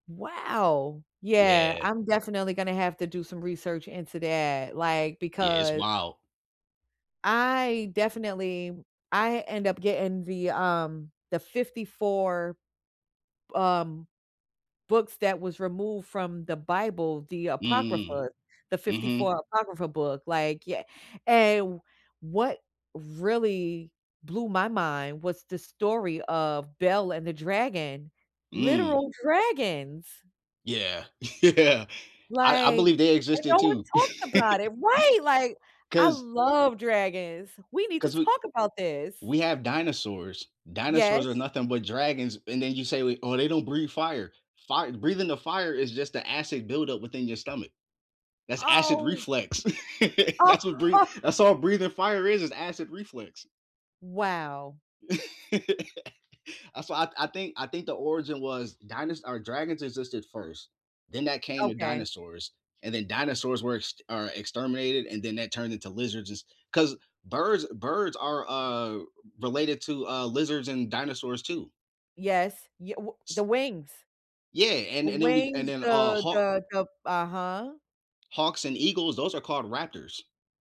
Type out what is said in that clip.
Wow! Yeah, Yeah. I'm definitely gonna have to do some research into that, like, Yeah, it's because wild. I definitely I end up getting the, um, the 54, um, books that was removed from the Bible, the Mhm. Apocrypha, the fifty Mhm. four Apocrypha book, like, ye and what really blew my mind was the story of Bel and the Dragon, Mm. literal dragons! Yeah. Yeah. I I Like believe they and existed, no one too. talked about it Right, like, I 'Cause love dragons. We need to 'Cause we talk about this. we have dinosaurs. Dinosaurs are Yes. nothing but dragons, and then you say, we "Oh, they don't breathe fire." Fire breathing the fire is just the acid buildup within your stomach. That's acid Oh. reflex. Oh, That's what huh. breath that's all breathing fire is, is acid reflex. Wow. Uh, so I I think I think the origin was dinos or dragons existed first, then that came to Okay. dinosaurs. And then dinosaurs were ext or exterminated, and then that turned into lizards just 'cause birds birds are, uh, related to, uh, lizards and dinosaurs, too. Yes. Ye w the S wings. Yeah, The and and then we and wings, then, uh, the hawk the the Uh-huh. hawks and eagles, those are called raptors.